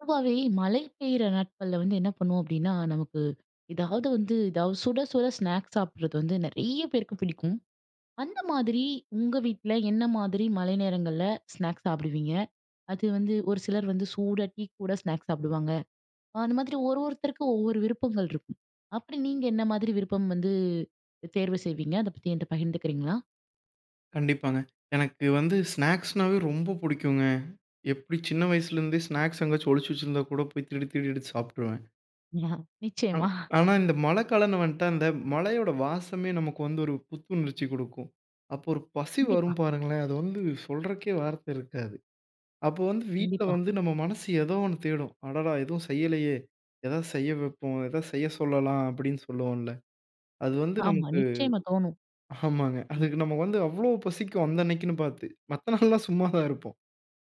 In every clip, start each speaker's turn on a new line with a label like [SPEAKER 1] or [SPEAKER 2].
[SPEAKER 1] பொதுவாவே மழை பெய்ற நாட்கள்ல வந்து என்ன பண்ணுவோம்? அப்படின்னா, நமக்கு எதாவது வந்து எதாவது சுட சுட ஸ்நாக்ஸ் சாப்பிடுறது வந்து நிறைய பேருக்கு பிடிக்கும். அந்த மாதிரி உங்க வீட்ல என்ன மாதிரி மழை நேரங்கள்ல ஸ்நாக்ஸ் சாப்பிடுவீங்க? அது வந்து, ஒரு சிலர் வந்து சூடா டீ கூட ஸ்நாக்ஸ் சாப்பிடுவாங்க. அ அந்த மாதிரி ஒரு ஒருத்தருக்கும் ஒவ்வொரு விருப்பங்கள் இருக்கும். அப்படி நீங்க என்ன மாதிரி விருப்பம் வந்து, அ தேர்வு செய்வீங்க? அத பத்தி என்ட்ட பகிர்ந்துக்கிறீங்களா?
[SPEAKER 2] கண்டிப்பாங்க. எனக்கு வந்து ஸ்நாக்ஸ்னாவே ரொம்ப புடிக்குங்க. எப்படி சின்ன வயசுலருந்தே ஸ்நாக்ஸ் எங்கேயாச்சும் ஒளிச்சு வச்சிருந்தா கூட, போய் திருடி திருடி எடுத்து சாப்ட்டுருவேன். ஆனா
[SPEAKER 1] நிச்சயமா.
[SPEAKER 2] ஆனா இந்த மழைக்காலம்ன்னு வந்துட்டா, அந்த மழையோட வாசமே நமக்கு வந்து ஒரு புத்துணர்ச்சி குடுக்கும். அப்போ ஒரு பசி
[SPEAKER 1] கண்டிப்பா.
[SPEAKER 2] வரும் பாருங்களேன், அது வந்து சொல்றக்கே வார்த்தை இருக்காது. அப்போ வந்து வீட்ல
[SPEAKER 1] கண்டிப்பா.
[SPEAKER 2] வந்து நம்ம மனசு ஏதோ ஒண்ணு தேடும். "அடடா எதுவும் செய்யலையே! எதாவது செய்ய வெப்போம் எதாவது செய்ய சொல்லலாம்," அப்படின்னு சொல்லுவோம்ல, அது வந்து
[SPEAKER 1] ஆமா,
[SPEAKER 2] நமக்கு
[SPEAKER 1] நிச்சயமா தோணும்.
[SPEAKER 2] ஆமாங்க.
[SPEAKER 1] ம்.
[SPEAKER 2] அதுக்கு நம்ம வந்து அவ்வளோ பசிக்கும். அந்த அன்னைக்குன்னு பாத்து. மத்த நாள்லாம் சும்மாதான் இருப்போம்.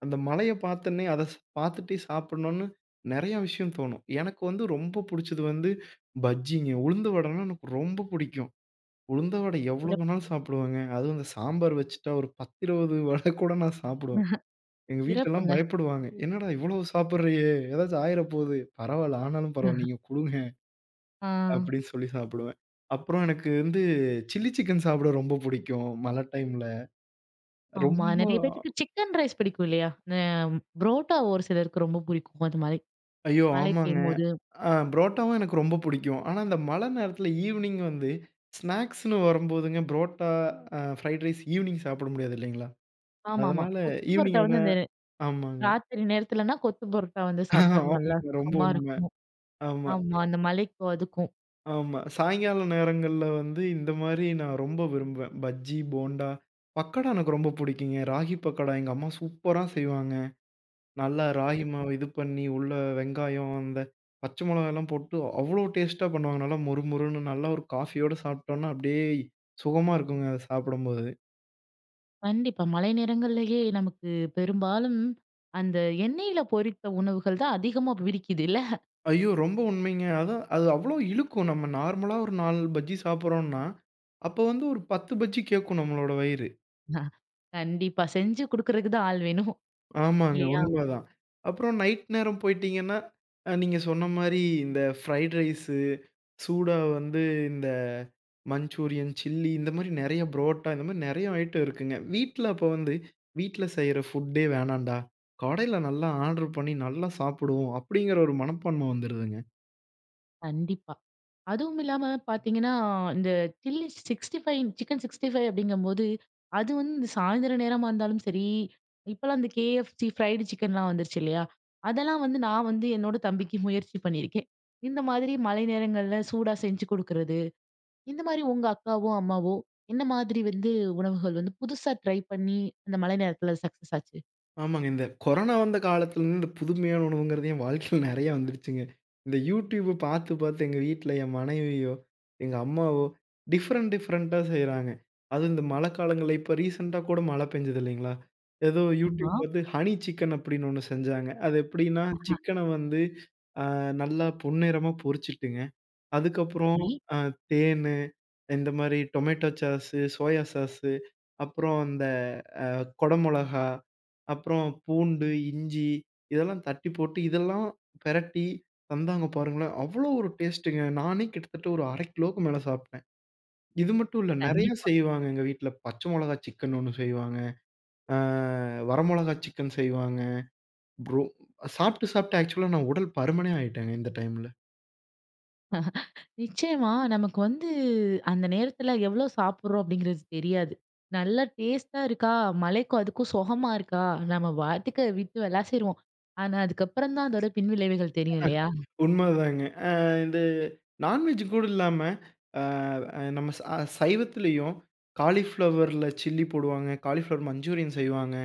[SPEAKER 2] அந்த மழையை பார்த்தன்னே அத பாத்துட்டே சாப்பிடணுன்னு நெறையா விஷயம் தோணும். எனக்கு வந்து ரொம்ப புடிச்சது வந்து பஜ்ஜிங்க. உளுந்து வடைனா எனக்கு ரொம்ப புடிக்கும். உளுந்த வடை எவ்வளோ
[SPEAKER 1] சிறப்பு.
[SPEAKER 2] வேணாலும் சாப்பிடுவேங்க. அதுவும் இந்த சாம்பார் வெச்சுட்டா, ஒரு 10, 20 வடை கூட நான் சாப்பிடுவேன். எங்க வீட்லலாம்
[SPEAKER 1] சிறப்புங்க
[SPEAKER 2] பயப்படுவாங்க. "என்னடா இவ்வளோ சாப்பிடுறயே! எதாச்சும் ஆயிர போது" "பரவால்ல, ஆனாலும் பரவால்ல நீங்க குடுங்க"
[SPEAKER 1] ஆ.
[SPEAKER 2] அப்படி சொல்லி சாப்பிடுவேன். அப்புறம் எனக்கு வந்து, சில்லி சிக்கன் சாப்பிட ரொம்ப புடிக்கும். மழை டைம்ல.
[SPEAKER 1] ஆமா.
[SPEAKER 2] ரொம்ப
[SPEAKER 1] நெறைய பேத்துக்கு சிக்கன் ரைஸ் பிடிக்கும் இல்லையா? ந புரோட்டா ஒரு சிலருக்கு ரொம்ப புடிக்கும். அது மாரி,
[SPEAKER 2] ஐயோ!
[SPEAKER 1] மழை
[SPEAKER 2] ஆமாங்க.
[SPEAKER 1] பெய்யும்போது
[SPEAKER 2] அ புரோட்டாவும் எனக்கு ரொம்ப புடிக்கும். ஆனா, இந்த மழை நேரத்தில ஈவ்னிங் வந்து, ஸ்நாக்ஸ்னு வரும்போதுங்க, ப்ரோட்டா, அ ஃப்ரைட் ரைஸ், ஈவினிங் சாப்பிட முடியாது இல்லைங்களா?
[SPEAKER 1] ஆமா ஆமா.
[SPEAKER 2] அதனால
[SPEAKER 1] கொத்து பரோட்டா
[SPEAKER 2] ஈவினிங்கான
[SPEAKER 1] வந்து, அந்த
[SPEAKER 2] ஆமாங்க.
[SPEAKER 1] ராத்திரி நேரத்துலனா, கொத்து புரோட்டா வந்து சாப்பிட்டா
[SPEAKER 2] ஆமா
[SPEAKER 1] நல்லா
[SPEAKER 2] ரொம்ப
[SPEAKER 1] சுகமா
[SPEAKER 2] உண்மை.
[SPEAKER 1] இருக்கும்.
[SPEAKER 2] ஆமா.
[SPEAKER 1] ஆமா. அந்த மழைக்கும் அதுக்கும்
[SPEAKER 2] ஆமா. சாயங்கால நேரங்கள்ல வந்து இந்தமாரி நான் ரொம்ப விரும்புவேன். பஜ்ஜி, போன்டா, பக்கோடா எனக்கு ரொம்ப பிடிக்குங்க. ராகி பக்கோடா எங்க அம்மா சூப்பரா செய்வாங்க. நல்லா ராகி
[SPEAKER 1] [unintelligible]
[SPEAKER 2] மாவு இது பண்ணி உள்ள வெங்காயம் அந்த பச்சை மொளகால்லாம் போட்டு அவ்வளவு டேஸ்ட்டா பண்ணுவாங்க. நல்லா மொறு மொறுன்னு நல்லா ஒரு காஃபியோட சாப்பிட்டோன்னா, அப்பிடியே சுகமா இருக்குங்க. அத சாப்பிடும்போது.
[SPEAKER 1] கண்டிப்பா. மழை நேரங்கள்லயே நமக்கு பெரும்பாலும் அந்த எண்ணெயில பொரித்த உணவுகள் தான் அதிகமா பிடிக்குதுல்ல
[SPEAKER 2] ஐயோ! ரொம்ப உண்மைங்க. அதான், அது அவ்வளவு இழுக்கும் நம்ம நார்மலா ஒரு 4 பஜ்ஜி சாப்பிட்றோன்னா, அப்போ வந்து ஒரு 10 பஜ்ஜி கேக்கும் நம்மளோட வயிறு.
[SPEAKER 1] கண்டிப்பா செஞ்சு குடுக்குறதுக்கு தான் ஆள் வேணும்
[SPEAKER 2] ஆமாங்க.
[SPEAKER 1] இல்லயா!
[SPEAKER 2] உண்ம தான். அப்புறம் நைட் நேரம் போயிட்டீங்கன்னா, அ நீங்க சொன்ன மாரி இந்த ஃப்ரைட் ரைஸ் சூடா வந்து இந்த மஞ்சூரியன் சில்லி இந்த மாரி நெறைய புரோட்டா இந்த மாரி நெறைய ஐட்டம் இருக்குங்க. வீட்ல அப்போ வந்து வீட்ல செய்ற ஃபுட்டே வேணான்டா, கடையில நல்லா ஆர்டர் பண்ணி நல்லா சாப்பிடுவோம். அப்பிடிங்கிற ஒரு மனப்பான்மை வந்துருதுங்க.
[SPEAKER 1] கண்டிப்பா. அதுவும் இல்லாம பார்த்தீங்கன்னா, இந்த சில்லி 65 சிக்கன் 65 அப்பிடிங்கம்போது, அது வந்து சாயந்தரம் நேரமா இருந்தாலும் சரி, இப்பலாம் இந்த கேஎஃப்சி, ஃப்ரைட் சிக்கன்லாம் வந்துருச்சு இல்லயா! அதெல்லாம் வந்து நான் வந்து என்னோட தம்பிக்கு முயற்சி பண்ணியிருக்கேன். இந்த மாதிரி மழை நேரங்கள்ல சூடா செஞ்சு குடுக்குறது, இந்தமாரி உங்க அக்காவோ! அம்மாவோ! என்ன மாதிரி வந்து உணவுகள் வந்து புதுசா ட்ரை பண்ணி அந்த மழை நேரத்தில சக்சஸ் ஆச்சு.
[SPEAKER 2] ஆமாங்க. இந்த கொரோனா வந்த காலத்தில இருந்து, இந்த புதுமையான உணவுங்கறது என் வாழ்க்கையில நெறையா வந்துருச்சுங்க. இந்த YouTube பாத்து, பாத்து எங்க வீட்டில என் மனைவியோ, எங்க அம்மாவோ, டிஃபரண்ட் டிஃபரண்ட்டா செய்றாங்க. அதுவும் இந்த மழைக்காலங்கள்ல இப்போ ரிசென்ட்டா கூட மழை பெஞ்சது இல்லைங்களா? ஏதோ YouTube
[SPEAKER 1] ஆம்மா!
[SPEAKER 2] பார்த்து "ஹனி சிக்கன்" அப்டின்னு 1 செஞ்சாங்க. அது எப்டினா, சிக்கன்ன வந்து ஆ நல்லா பொன்னிறமா பொறிச்சுட்டுங்க, அதுக்கப்புறம்
[SPEAKER 1] சரி.
[SPEAKER 2] அ தேன்னு, இந்த மாரி டொமேட்டோ ச்சாஸ்சு, சோயா சாஸ்சு அப்புறம் அந்த அ குடை மிளகாய், அப்புறம் பூண்டு, இஞ்சி இதெல்லாம் தட்டி போட்டு, இதெல்லாம் பெரட்டி தந்தாங்க பாருங்களேன். அவ்ளோ ஒரு டேஸ்ட்டுங்க, நானே கிட்டத்தட்ட ஒரு 1/2 கிலோக்கு மேலே சாப்ட்டேன். இது மட்டும் இல்ல, நெறைய
[SPEAKER 1] கண்டிப்பா.
[SPEAKER 2] செய்வாங்க எங்க வீட்ல. பச்சை மொளகா சிக்கன் 1 செய்வாங்க. ஆ வர மொளகா சிக்கன் செய்வாங்க, ப்ரோ சாப்பிட்டு சாப்பிட்டு ஆக்சுவலா நான் உடல் பருமனே ஆயுட்டேங்க இந்த டைமில.
[SPEAKER 1] நிச்சயமா நமக்கு வந்து, அந்த நேரத்தில, எவ்ளோ சாப்பிடுறோம்? அப்டிங்கிறது தெரியாது. நல்லா டேஸ்ட்டா இருக்கா? மழைக்கும் அதுக்கும் சொகமா இருக்கா? நம்ம வாட்டுக்கு விட்டு விலாசிருவோம். ஆனா அதுக்கப்புறம் தான் அதோட பின்விளைவுகள் தெரியும் இல்லையா?
[SPEAKER 2] உண்மதாங்க. ஆ இந்த நான்வெஜ் கூட இல்லாம, ஆ அ நம்ம சா சைவத்திலேயும் காலிஃப்ளவர்ல சில்லி போடுவாங்க, காலிஃப்ளவர் மஞ்சூரியன் செய்வாங்க,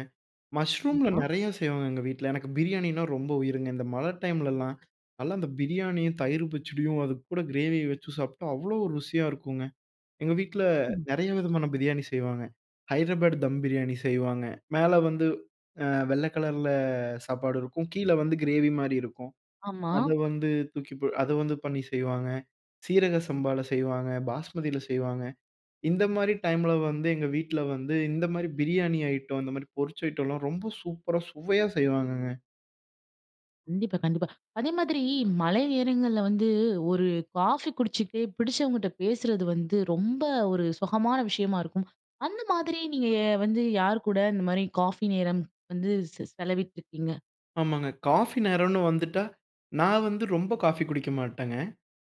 [SPEAKER 2] மஷ்ரூம்ல
[SPEAKER 1] ஆமா.
[SPEAKER 2] நெறையா செய்வாங்க எங்க வீட்ல. எனக்கு பிரியாணின்னா ரொம்ப உயிருங்க. இந்த மழை டைம்லலாம், நல்லா அந்த பிரியாணியும், தயிரும் பச்சடியும், அதுக்கு கூட கிரேவிய வச்சு சாப்ட்டா அவ்ளோ ருசியா இருக்குங்க. எங்க வீட்ல,
[SPEAKER 1] அம்.
[SPEAKER 2] நெறைய விதமான பிரியாணி செய்வாங்க, ஹைட்ராபேடு தம் பிரியாணி செய்வாங்க. மேல வந்து அ வெள்ளை கலர்ல சாப்பாடு இருக்கும். கீழே வந்து கிரேவி மாரி இருக்கும்.
[SPEAKER 1] ஆமா.
[SPEAKER 2] அத வந்து தூக்கி ப அத வந்து பண்ணி செய்வாங்க. சீரக சம்பால செய்வாங்க, பாஸ்மதியில செய்வாங்க. இந்த மாரி டைமில வந்து, எங்க வீட்ல வந்து இந்த மாரி பிரியாணி ஐட்டம், இந்த மாரி பொரிச்ச ஐட்டம்லாம் ரொம்ப சூப்பரா, சுவையா செய்வாங்கங்க.
[SPEAKER 1] கண்டிப்பா, கண்டிப்பா. அதே மாதிரி மழை நேரங்கள்ல வந்து ஒரு காஃபி குடிச்சிட்டே புடிச்சவங்ககிட்ட பேசுறது வந்து ரொம்ப ஒரு சுகமான விஷயமா இருக்கும். அந்த மாதிரி நீங்க வந்து யார் கூட இந்த மாதிரி காஃபி நேரம் வந்து செ செலவிட்டிருக்கீங்க?
[SPEAKER 2] ஆமாங்க. காஃபி நேரன்னு வந்துட்டா, நான் வந்து ரொம்ப காஃபி குடிக்க மாட்டேங்க.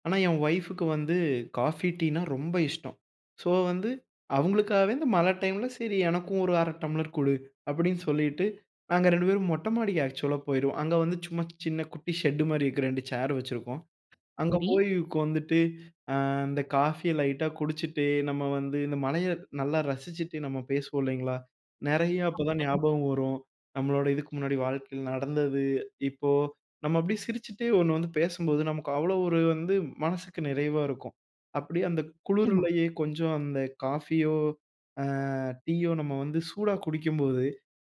[SPEAKER 2] ஆனா, என் ஒய்ஃப்க்கு வந்து காஃபி, டீன்னா ரொம்ப இஷ்டம். சோ, வந்து அவுங்களுக்காகவே வந்து மழை டைம்ல சரி எனக்கும் ஒரு 1/2 டம்ளர் குடு. அப்பிடின்னு சொல்லிட்டு, நாங்க 2 பேரும் மொட்டை மாடிக்கு ஆக்ஸூலா போயிருவோம். அங்க வந்து சும்மா சின்ன குட்டி ஷெட் மாரி இருக்கிற 2 சேர் வச்சிருக்கிறோம். அங்க
[SPEAKER 1] சரி.
[SPEAKER 2] போயி உக்காந்துட்டு, அ இந்த காஃபிய லைட்டா குடிச்சுட்டு, நம்ம வந்து இந்த மழைய நல்லா ரசிச்சுட்டு, நம்ம பேசுவோம் இல்லேங்களா? நெறைய அப்பதான்
[SPEAKER 1] ஆமாங்க.
[SPEAKER 2] ஞாபகம் வரும், நம்மளோட இதுக்கு முன்னாடி வாழ்க்கையில நடந்தது, இப்போ நம்ம அப்பிடியே சிரிச்சிட்டே 1 வந்து பேசும்போது நமக்கு அவ்ளோ ஒரு வந்து மனசுக்கு நிறைவா இருக்கும். அப்பிடியே அந்த
[SPEAKER 1] நிச்சயமா.
[SPEAKER 2] குளுருலயே கொஞ்சம் அந்த காஃபியோ! அ டீயோ! நம்ம வந்து சூடா குடிக்கும்போது,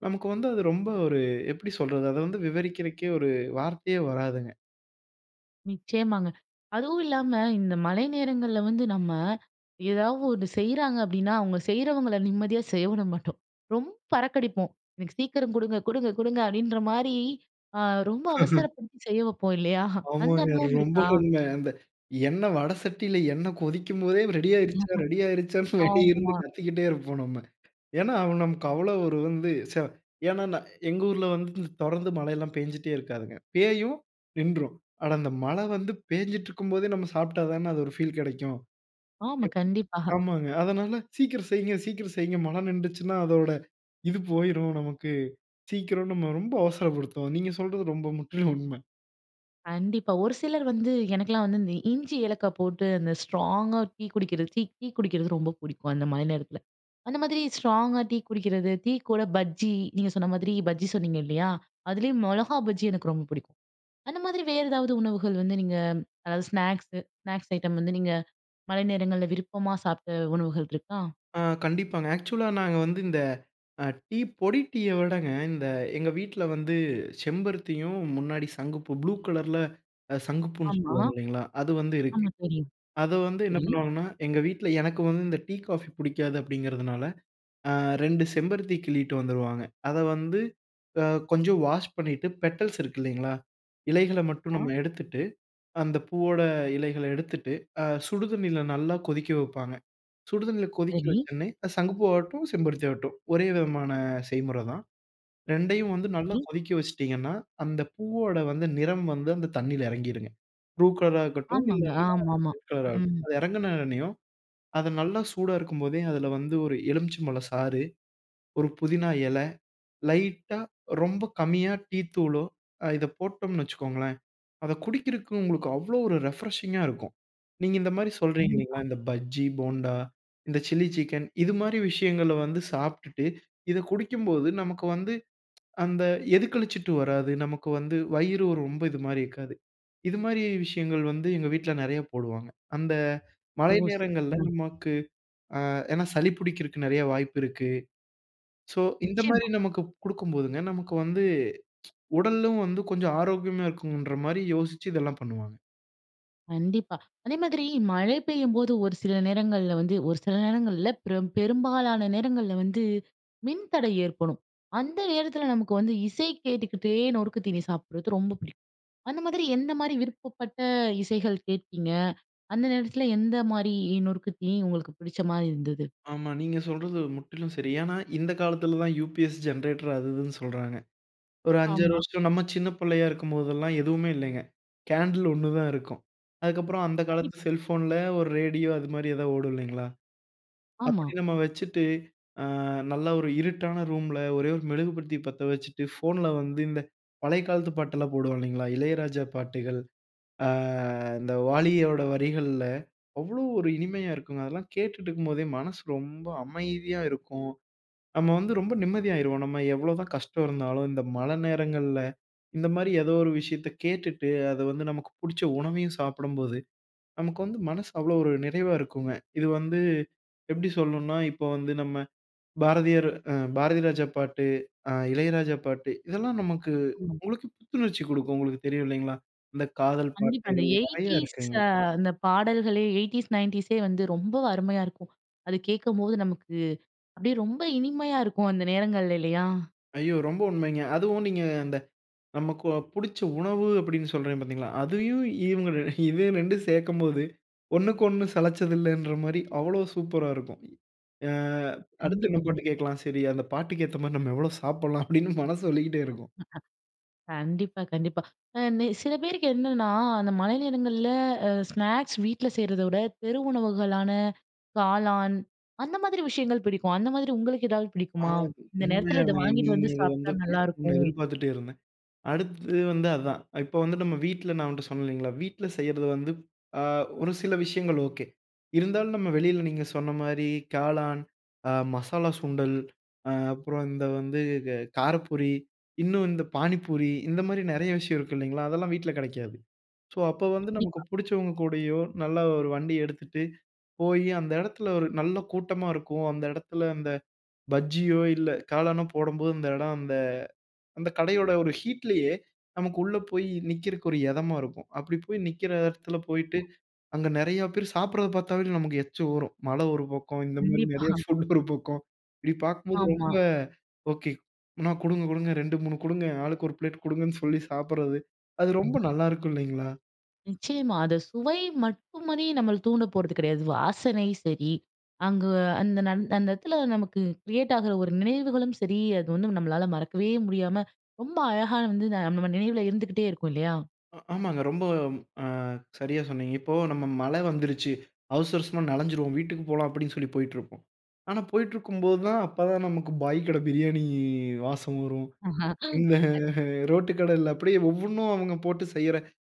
[SPEAKER 2] நமக்கு வந்து அது ரொம்ப ஒரு எப்பிடி சொல்றது? அத வந்து விவரிக்கிறக்கே ஒரு வார்த்தையே வராதுங்க.
[SPEAKER 1] நிச்சயமாங்க. அதுவும் இல்லாம இந்த மழை நேரங்கள்ல வந்து நம்ம ஏதாவது ஒண்ணு செய்றாங்க அப்டின்னா, அவங்க செய்றவங்களை நிம்மதியா செய்ய விட மாட்டோம். ரொம்ப பறக்கடிப்போம் எனக்கு சீக்கிரம் குடுங்க குடுங்க குடுங்க அப்படின்ற மாரி ரொம்ப ஆ அவசரப்படுத்தி செய்ய வைப்போம் இல்லையா? அந்த
[SPEAKER 2] ஆமாங்க
[SPEAKER 1] அனுபவம்
[SPEAKER 2] ரொம்ப
[SPEAKER 1] இருக்கா?
[SPEAKER 2] உண்ம. அந்த எண்ணெய் வட சட்டில எண்ணெய் கொதிக்கும் போதே, ரெடியாகிடுச்சா? ரெடி ஆகிடுச்சான்னு வெளிய இருந்து
[SPEAKER 1] ஆமா.
[SPEAKER 2] கத்திக்கிட்டே இருப்போம் நம்ம. ஏன்னா, நமக்கு அவ்வளோ ஒரு வந்து ச ஏன்னா நா எங்க ஊரில வந்து தொடர்ந்து மழைலாம் பெஞ்சுகிட்டே இருக்காதுங்க. பேயும் நின்றும். ஆனா அந்த மழை வந்து பேஞ்சிட்டு இருக்கும் போதே நம்ம சாப்பிட்டா தானே அது ஒரு ஃபீல் கிடைக்கும்.
[SPEAKER 1] ஆமா
[SPEAKER 2] [unintelligible]
[SPEAKER 1] கண்டிப்பா.
[SPEAKER 2] ஆமாங்க. அதனால சீக்கிரம் செய்யுங்க, சீக்கிரம் செய்யுங்க மழை நின்றுச்சுனா அதோட இது போயுரும் நமக்கு. சீக்கிரம் நம்ம ரொம்ப அவசரப்படுத்துவோம். நீங்க சொல்றது ரொம்ப முற்றிலும் உண்ம.
[SPEAKER 1] கண்டிப்பா. ஒரு சிலர் வந்து எனக்கெல்லாம் வந்து இந்த இஞ்சி, ஏலக்காய் போட்டு அந்த ஸ்ட்ராங்கா டீ குடிக்கிறது தீ டீ குடிக்கிறது ரொம்ப பிடிக்கும் அந்த மாரி நேரத்தில அந்த மாதிரி ஸ்ட்ராங்கா டீ குடிக்கிறது, டீ கூட பஜ்ஜி, நீங்க சொன்ன மாதிரி பஜ்ஜி சொன்னீங்க இல்லையா? அதுலேயம் மொளகா பஜ்ஜி எனக்கு ரொம்ப பிடிக்கும். அந்த மாதிரி வேற ஏதாவது உணவுகள் வந்து நீங்க அதாவது ஸ்நாக்ஸ் ஸ்நாக்ஸ் ஐட்டம் வந்து நீங்க மழை நேரங்கள்ல விருப்பமா சாப்பிட்ட உணவுகள் இருக்கா?
[SPEAKER 2] ஆ கண்டிப்பாங்க. ஆக்சுவலா நாங்க வந்து இந்த டீ, பொடி டீய விடங்க, இந்த எங்க வீட்ல வந்து செம்பருத்தியும் முன்னாடி சங்குப்பூ ப்ளூ கலர்ல சங்குப்பூன்னு
[SPEAKER 1] ஆமா.
[SPEAKER 2] சொல்லுவாங்க இல்லைங்களா? அது வந்து இருக்கு.
[SPEAKER 1] ஆமா தெரியும்.
[SPEAKER 2] அத வந்து என்ன
[SPEAKER 1] சரி.
[SPEAKER 2] பண்ணுவாங்கன்னா, எங்க வீட்ல எனக்கு வந்து இந்த டீ, காஃபி பிடிக்காது அப்டிங்கிறதுனால ஆ 2 செம்பருத்தி கிள்ளிட்டு வந்துருவாங்க, அத வந்து ஆ கொஞ்சம் வாஷ் பண்ணிட்டு பெட்டல்ஸ் இருக்கு இல்லைங்களா? இலைகள மட்டும்
[SPEAKER 1] ஆ.
[SPEAKER 2] நம்ம எடுத்துட்டு, அந்த பூவோட இலைகள எடுத்துட்டு அ சுடுதண்ணீல நல்லா கொதிக்க வைப்பாங்க. சுடு தண்ணீல கொதிக்க வைச்ச
[SPEAKER 1] சரி.
[SPEAKER 2] உடனே சங்குப்பூ ஆகட்டும், செம்பருத்தி ஆகட்டும் ஒரே விதமான செய்முறை தான். 2யும் வந்து நல்லா
[SPEAKER 1] சரி.
[SPEAKER 2] கொதிக்க வைச்சுடீங்கனா, அந்த பூவோட வந்து நிறம் வந்து அந்த தண்ணீல இறங்கிடும்ங்க. ப்ளூ கலர்ரா இருக்கட்டும் இல்ல
[SPEAKER 1] ஆமாங்க,
[SPEAKER 2] [unintelligible]
[SPEAKER 1] ஆமாமா.
[SPEAKER 2] ரெட் கலர் ஆகட்டும்.
[SPEAKER 1] ம்.
[SPEAKER 2] அது இறங்கின உடனேயும் அது நல்லா சூடா இருக்கும் போதே அதில வந்து ஒரு எலுமிச்சை பழம் சாறு. ஒரு புதினா இலை, லைட்டா, ரொம்ப கம்மியா டீ தூளோ, இத போட்டோம்ன்னு வச்சுக்கொள்ளுங்களேன். அத குடிக்கறதுக்கு உங்களுக்கு அவ்வளோ ஒரு ரிப்ரஷிங்கா இருக்கும். நீங்க இந்த மாரி சொல்றீங்க
[SPEAKER 1] கண்டிப்பா.
[SPEAKER 2] இல்லைங்களா இந்த பஜ்ஜி போண்டா, இந்த சில்லி சிக்கன் இது மாரி விஷயங்கள வந்து சாப்பிட்டுட்டு இதை குடிக்கும்போது, நமக்கு வந்து, அந்த எது கழிச்சுட்டு வராது நமக்கு வந்து வயிறு ரொம்ப இது மாரி இருக்காது. இது மாரி விஷயங்கள் வந்து எங்க வீட்ல நிறைய போடுவாங்க. அந்த மழை
[SPEAKER 1] ஓ
[SPEAKER 2] நேரங்கள்ல
[SPEAKER 1] சிறப்புங்க.
[SPEAKER 2] நமக்கு ஆ ஏன்னா சளி பிடிக்கிறதுக்கு நிறைய வாய்ப்பு இருக்கு. சோ, இந்த மாரி
[SPEAKER 1] நிச்சயமா.
[SPEAKER 2] நமக்கு குடுக்கும்போதுங்க நமக்கு வந்து உடலும் வந்து கொஞ்சம் ஆரோக்கியமா இருக்கும்ங்கற மாரி யோசிச்சு இதெல்லாம் பண்ணுவாங்க.
[SPEAKER 1] கண்டிப்பா. அதேமாதிரி மழை பெய்யும்போது ஒரு சில நேரங்கள்ல வந்து ஒரு சில நேரங்கள் இல்ல, ப்ர பெரும்பாலான நேரங்கள்ல வந்து மின்தடை ஏற்படும். அந்த நேரத்தில நமக்கு வந்து இசை கேட்டுக்கிட்டே நொறுக்கு தீனி சாப்பிட்றது ரொம்ப பிடிக்கும். அந்த மாதிரி எந்தமாரி விருப்பப்பட்ட இசைகள் கேட்பீங்க? அந்த நேரத்தில எந்தமாரி நொறுக்கு தீனி உங்களுக்கு பிடிச்சமாரி இருந்தது?
[SPEAKER 2] ஆமா. நீங்க சொல்றது முற்றிலும் சரி. ஏன்னா, இந்த காலத்தில தான் யூபிஎஸ், ஜனரேட்டர் அது இதுன்னு சொல்றாங்க. ஒரு 5, 6
[SPEAKER 1] ஆமா.
[SPEAKER 2] வருஷ நம்ம சின்ன பிள்ளையா இருக்கும்போதெல்லாம் எதுவுமே இல்லேங்க. கேண்டில் ஒன்னு தான் இருக்கும். அதுக்கப்புறம் அந்த காலத்து
[SPEAKER 1] கண்டிப்பா.
[SPEAKER 2] செல்ஃபோன்ல ஒரு ரேடியோ அதுமாரி ஏதா ஓடும் இல்லேங்களா!
[SPEAKER 1] ஆமா.
[SPEAKER 2] அப்பிடி நம்ம வச்சிட்டு, ஆ நல்ல ஒரு இருட்டான ரூம்ல ஒரே ஒரு மெழுகுவர்த்தி பத்த வச்சிட்டு ஃபோன்ல வந்து இந்த பழைய காலத்து பாட்டெல்லாம் போடுவான் இல்லேங்களா! இளையராஜா பாட்டுகள் ஆ இந்த வாலியோட வரிகள்ல அவ்ளோ ஒரு இனிமையாக இருக்குங்க. அதெல்லாம் கேட்டுட்டு இருக்கும்போதே மனசு ரொம்ப அமைதியா இருக்கும். நம்ம வந்து ரொம்ப நிம்மதியாயிருவோம். நம்ம எவ்ளோ தான் கஷ்டம் இருந்தாலும் இந்த மழை நேரங்கள்ல, இந்தமாரி ஏதோ ஒரு விஷயத்த கேட்டுட்டு அது வந்து நமக்கு பிடித்த உணவையும் சாப்பிடும்போது, நமக்கு வந்து மனசு அவ்வளவு ஒரு நிறைவாக இருக்குங்க. இது வந்து எப்பிடி சொல்லணுன்னா, இப்ப வந்து நம்ம பாரதியர், அ பாரதிராஜா பாட்டு அ இளையராஜா பாட்டு இதெல்லாம் நமக்கு
[SPEAKER 1] ம்.
[SPEAKER 2] உங்களுக்கு புத்துணர்ச்சி கொடுக்கும். உங்களுக்கு தெரியும் இல்லேங்களா! அந்த காதல்
[SPEAKER 1] கண்டிப்பா. அந்த
[SPEAKER 2] பாட்டுகள் நிறைய
[SPEAKER 1] 80s
[SPEAKER 2] இருக்குங்க.
[SPEAKER 1] அ அந்த பாடல்களே 80s, 90s ஏ வந்து ரொம்ப அருமையா இருக்கும். அது கேட்கும்போது நமக்கு அப்பிடியே ரொம்ப இனிமையா இருக்கும், அந்த நேரங்கள்ல இல்லயா!
[SPEAKER 2] ஐயோ! ரொம்ப உண்மைங்க. அதுவும் நீங்க அந்த நமக்கு புடிச்ச உணவு அப்பிடின்னு சொல்றேன் பார்த்தீங்களா! அதையும் இவுங்க இது 2 ம் சேர்க்கும்போது ஒன்னுக்கு ஒன்னு சலச்சதில்லன்றமாரி அவ்ளோ சூப்பரா இருக்கும். அ அடுத்து
[SPEAKER 1] கண்டிப்பா,
[SPEAKER 2] என்ன பாட்டு
[SPEAKER 1] கண்டிப்பா.
[SPEAKER 2] கேட்கலாம். சரி அந்த பாட்டுக்கு ஏத்தமாரி நம்ம எவ்ளோ சாப்புட்லாம் அப்பிடின்னு மனசு சொல்லிக்கிட்டே இருக்கும்.
[SPEAKER 1] கண்டிப்பா, கண்டிப்பா. அ நெ சில பேருக்கு என்னன்னா, அந்த மழை நேரங்கள்ல அ ஸ்நாக்ஸ் வீட்ல செய்றத விட, தெரு உணவுகளான காளான் அந்த மாதிரி விஷயங்கள் பிடிக்கும். அந்த மாதிரி உங்களுக்கு எதாவது
[SPEAKER 2] ஆ,
[SPEAKER 1] பிடிக்குமா? இந்த நேரத்தில இத
[SPEAKER 2] உண்மையாங்க.
[SPEAKER 1] வாங்கிட்டு
[SPEAKER 2] நீங்க
[SPEAKER 1] வந்து
[SPEAKER 2] இத வந்து
[SPEAKER 1] சாப்பிட்டா
[SPEAKER 2] பேசணுன்னு
[SPEAKER 1] நல்லாயிருக்கும்.
[SPEAKER 2] எதிர்பார்த்துட்டே இருந்தேன். அடுத்தது வந்து அதான் இப்போ வந்துட்டு நம்ம வீட்ல நான் உன்ட்ட சொன்னேன் இல்லேங்களா! வீட்ல செய்யிறது வந்து அ ஒரு சில விஷயங்கள் ஓகே. இருந்தாலும் நம்ம வெளில நீங்க சொன்னமாரி காளான், அ மசாலா சுண்டல் அ அப்புறம் இந்த வந்து க காரப்பூரி இன்னும் இந்த பாணிபூரி இந்தமாரி நிறைய விஷயம் இருக்கு இல்லேங்களா! அதெல்லாம் வீட்ல கெடைக்காது. ஸோ, அப்போ வந்து நமக்கு
[SPEAKER 1] கண்டிப்பா.
[SPEAKER 2] பிடிச்சவங்க கூடயோ! நல்லா ஒரு வண்டி எடுத்துட்டு போய் அந்த இடத்துல ஒரு நல்ல கூட்டமா இருக்கும். அந்த இடத்துல அந்த பஜ்ஜியோ! இல்ல காளானோ! போடும்போது அந்த இடம் அந்த அந்த கடையோட ஒரு ஹீட்லயே நமக்கு உள்ளே போய் நிற்கிறக்கு ஒரு இதமா இருக்கும். அப்பிடி போய் நிக்கிற இடத்துல போயிட்டு, அங்க நிறையா பேரு சாப்பிட்றத பார்த்தாவே நமக்கு எச்சி வரும். மழ ஒரு பக்கம் இந்த மாரி
[SPEAKER 1] கண்டிப்பா
[SPEAKER 2] நிறைய ஃபுட் ஒரு பக்கம், இப்பிடி பார்க்கும்போது
[SPEAKER 1] ஆமா.
[SPEAKER 2] ரொம்ப ஓகே. அண்ணா! குடுங்க! குடுங்க 2, 3 கொடுங்க. ஆளுக்கு ஒரு பிளேட் கொடுங்கன்னு சொல்லி சாப்பிட்றது அது ரொம்ப நல்லாயிருக்கும், இல்லேங்களா!
[SPEAKER 1] நிச்சயமா. அத சுவை மட்டுமாரி நம்மள தூண்ட போறது கெடையாது. வாசனை சரி, அங்கே அந்த நந் அந்த இடத்துல நமக்கு கிரியேட் ஆகிற ஒரு நினைவுகளும் சரி, அது வந்து நம்மளால மறக்கவே முடியாம, ரொம்ப அழகா வந்து நம்ம நினைவில இருந்துகிட்டே இருக்கும் இல்லயா!
[SPEAKER 2] அ ஆமாங்க. ரொம்ப அ சரியா சொன்னீங்க. இப்போ நம்ம மழை வந்துருச்சு. அவசர, அவசரமா நனஞ்சிருவோம் வீட்டுக்கு போலாம் அப்பிடின்னு சொல்லி போயிட்டு இருப்போம். ஆனா, போயிட்டிருக்கும்போது தான் அப்ப தான் நமக்கு பாய் கடை பிரியாணி வாசம் வரும்.
[SPEAKER 1] ஆஹா! அம்.
[SPEAKER 2] இந்த ரோட்டு கடையில அப்பிடியே ஒவ்வொன்னும் அவுங்க போட்டு செய்ற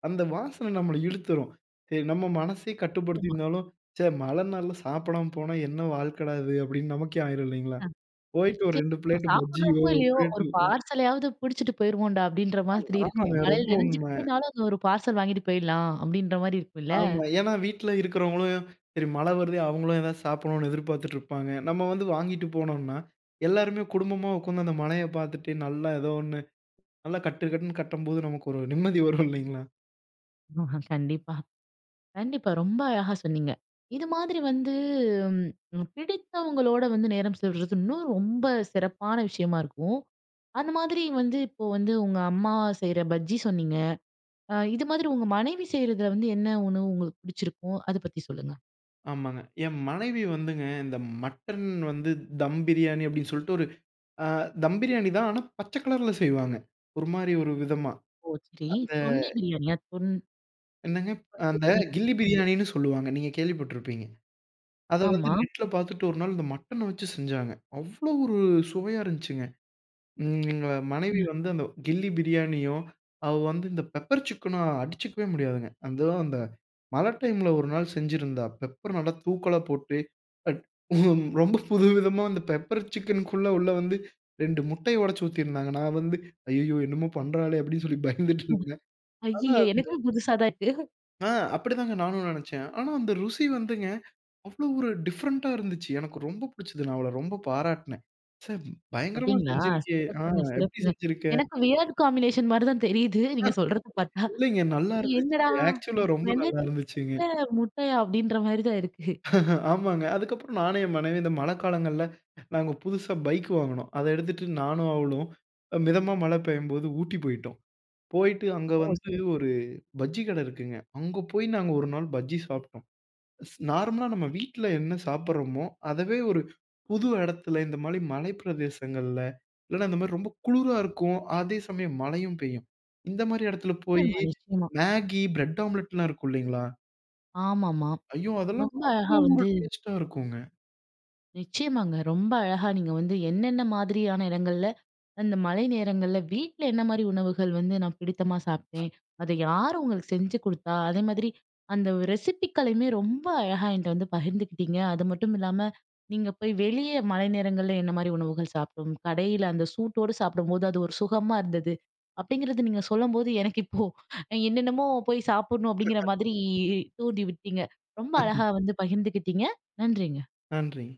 [SPEAKER 2] அந்த வாசனை நம்மள இழுத்துரும். சரி. நம்ம மனசே கட்டுப்படுத்தி
[SPEAKER 1] ஆமா.
[SPEAKER 2] இருந்தாலும் ச்சே! மழ நாள்ல சாப்பிடாம போனா என்ன வாழ்க்கடா! இது அப்பிடின்னு நமக்கே ஆயிரும் இல்லேங்களா?
[SPEAKER 1] ஆ.
[SPEAKER 2] போயிட்டு ஒரு
[SPEAKER 1] வச்சி
[SPEAKER 2] 2
[SPEAKER 1] அ
[SPEAKER 2] பிளேட் பஜ்ஜியோ
[SPEAKER 1] சாப்பிடுறோமோ!
[SPEAKER 2] 1
[SPEAKER 1] இல்லயோ!
[SPEAKER 2] பிளேட்
[SPEAKER 1] ஒரு
[SPEAKER 2] ம்.
[SPEAKER 1] பார்சலையாவது பிடிச்சிட்டு போயிருவோன்டா அப்பிடின்ற
[SPEAKER 2] அ
[SPEAKER 1] மாதிரி இருக்கும்.
[SPEAKER 2] ஆமாங்க ரொம்ப
[SPEAKER 1] மழையில
[SPEAKER 2] உண்மை.
[SPEAKER 1] நனைஞ்சுகிட்டே இருந்தாலும், அங்க ஒரு பார்சல் வாங்கிட்டு போயிட்லாம் அப்பிடின்ற மாரி இருக்கும்ல.
[SPEAKER 2] ஆமா. ஏன்னா வீட்ல இருக்கிறவங்களும், சரி மழ வருதே! அவங்களும் ஏதாவது சாப்பிடணுன்னு எதிர்பார்த்துட்டு இருப்பாங்க. நம்ம வந்து வாங்கிட்டு போனோன்னா, எல்லோருமே குடும்பமா உட்கார்ந்து அந்த மழைய பார்த்துட்டு நல்லா ஏதோ 1 நல்லா கட்டு கட்டுன்னு கட்டம்போது, நமக்கு ஒரு நிம்மதி வரும் இல்லேங்களா?
[SPEAKER 1] கண்டிப்பா. கண்டிப்பா ரொம்ப அழகா சொன்னீங்க. இது மாதிரி வந்து ம் பிடித்தவங்களோட வந்து நேரம் செலவிடுறது இன்னும் ரொம்ப சிறப்பான விஷயமா இருக்கும். அந்த மாதிரி வந்து இப்போ வந்து உங்க அம்மா செய்ற பஜ்ஜி சொன்னீங்க. அ இது மாதிரி உங்க மனைவி செய்றதுல வந்து என்ன உணவு உங்களுக்கு பிடிச்சிருக்கும்? அத பத்தி சொல்லுங்க.
[SPEAKER 2] ஆமாங்க. என் மனைவி வந்துங்க, இந்த மட்டன் வந்து தம் பிரியாணி அப்பிடின்னு சொல்ட்டு ஒரு ஆ தம் பிரியாணி தான். ஆனா, பச்ச கலர்ல செய்வாங்க. ஒருமாரி ஒரு விதமா.
[SPEAKER 1] ஓ சரி
[SPEAKER 2] அந்த
[SPEAKER 1] தொன்னை பிரியாணியா? தொன்
[SPEAKER 2] என்னங்க? அந்த கில்லி
[SPEAKER 1] [unintelligible]
[SPEAKER 2] பிரியாணின்னு சொல்லுவாங்க. நீங்க கேள்விப்பட்டிருப்பீங்க. அத வந்து
[SPEAKER 1] ஆமா.
[SPEAKER 2] நெட்ல பார்த்துட்டு ஒரு நாள் இந்த மட்டன வச்சு செஞ்சாங்க, அவ்ளோ ஒரு சுவையா இருந்துச்சுங்க. ம். எங்க
[SPEAKER 1] அ.
[SPEAKER 2] மனைவி வந்து, அந்த கில்லி பிரியாணியும், அவ வந்து இந்த பெப்பர் சிக்கனும் அடிச்சுக்கவே முடியாதுங்க. அந்தோ, அந்த மழை டைம் ல ஒரு நாள் செஞ்சிருந்தா, பெப்பர் நல்லா தூக்கலா போட்டு. அ ரொம்ப புது விதமா அந்த பெப்பர் சிக்கனுக்குள்ளே உள்ளே வந்து 2 முட்டைய ஒடச்சு ஊத்திருந்தாங்க. நான் வந்து ஐய்யயோ! என்னமோ பண்றாளே! அப்பிடின்னு சொல்லி பயந்துட்டு
[SPEAKER 1] ஆ,
[SPEAKER 2] இருந்தேன் ஆனா,
[SPEAKER 1] ஐயய்ய!
[SPEAKER 2] அந்த
[SPEAKER 1] எனக்குமே புதுசாக தான் இருக்கு.
[SPEAKER 2] ஆ அப்பிடி தாங்க நானும் நினைச்சேன். ஆனா, அந்த ருசி வந்துங்க அவ்ளோ ஒரு டிஃபரண்ட்டா இருந்துச்சு. எனக்கு ரொம்ப புடிச்சது. நான் அவள ரொம்ப பாராட்னேன். ச்சே! பயங்கரமா
[SPEAKER 1] அப்பிடிங்களா!
[SPEAKER 2] செஞ்சிருக்கியே! ஆ
[SPEAKER 1] சிறப்புங்க,
[SPEAKER 2] எப்பிடி
[SPEAKER 1] சிறப்புங்க.
[SPEAKER 2] செஞ்சிருக்க?
[SPEAKER 1] எனக்கு வியர்ட் காம்பினேஷன் மாரி தான் தெரியுது. நீங்க சொல்றத பார்த்தா.
[SPEAKER 2] இல்லேங்க. நல்லா இருந்துச்சு.
[SPEAKER 1] என்னடா!
[SPEAKER 2] ஆக்ஸூலா ரொம்ப நல்லா
[SPEAKER 1] மிளகு
[SPEAKER 2] இருந்துச்சுங்க.
[SPEAKER 1] சிக்கன்ல முட்டையா! அப்பிடின்றமாரி தான் இருக்கு.
[SPEAKER 2] ஆமாங்க. அதுக்கப்புறம் நானும் என் மனைவியும் இந்த மழைக்காலங்கள்ல நாங்க புதுசா பைக் வாங்கினோம். அதை எடுத்துட்டு நானும், அவளும் அ மிதமா மழை பெய்யும்போது, ஊட்டி போயிட்டோம். போயிட்டு அங்க
[SPEAKER 1] ஓ!
[SPEAKER 2] வந்து
[SPEAKER 1] சிறப்பு!
[SPEAKER 2] ஒரு பஜ்ஜி கடை இருக்குங்க. அங்கே போய் நாங்க ஒரு நாள் பஜ்ஜி சாப்பிட்டோம். நார்மலா நம்ம வீட்டில என்ன சாப்பிடுறோமோ! அதவே ஒரு புது இடத்துல, இந்தமாரி மலை பிரதேசங்கள்ல இல்லன்னா, இந்த மாரி ரொம்ப குளிரா இருக்கும். அதே சமயம், மழையும் பெய்யும். இந்த மாரி இடத்துல போயி
[SPEAKER 1] நிச்சயமா, நிச்சயமா.
[SPEAKER 2] மேகி, பிரெட் ஆம்லெட்லாம் இருக்கும் இல்லேங்களா!
[SPEAKER 1] ஆமா, ஆமா,
[SPEAKER 2] ஐயோ! அதெல்லாம்
[SPEAKER 1] ரொம்ப அழகா
[SPEAKER 2] அவ்வளவு ஒரு
[SPEAKER 1] வந்து
[SPEAKER 2] டேஸ்ட்டா இருக்கும்ங்க.
[SPEAKER 1] நிச்சயமாங்க. ரொம்ப அழகா நீங்க வந்து என்னென்ன மாதிரியான இடங்கள்ல, அந்த மழை நேரங்கள்ல, வீட்ல என்னமாரி உணவுகள் வந்து, நான் பிடித்தமா சாப்பிட்டேன். அதை யார் உங்களுக்கு செஞ்சு குடுத்தா? அதே மாதிரி, அந்த ரெசிபிக்களையுமே ரொம்ப அழகா என்ட்ட வந்து பகிர்ந்துக்கிட்டீங்க. அது மட்டும் இல்லாம, நீங்க போய் வெளியே மழை நேரங்கள்ல என்னமாரி உணவுகள் சாப்பிடும் கடையில அந்த சூட்டோட சாப்பிடும்போது அது ஒரு சுகமா இருந்தது. அப்பிடிங்கிறது நீங்க சொல்லும்போது எனக்கு இப்போ, என்னென்னமோ போய் சாப்பிடணும் அப்பிடிங்கிற மாதிரி தூண்டி விட்டீங்க. ரொம்ப
[SPEAKER 2] [unintelligible]
[SPEAKER 1] அழகா வந்து பகிர்ந்துக்கிட்டீங்க. நன்றிங்க.
[SPEAKER 2] நன்றிங்க.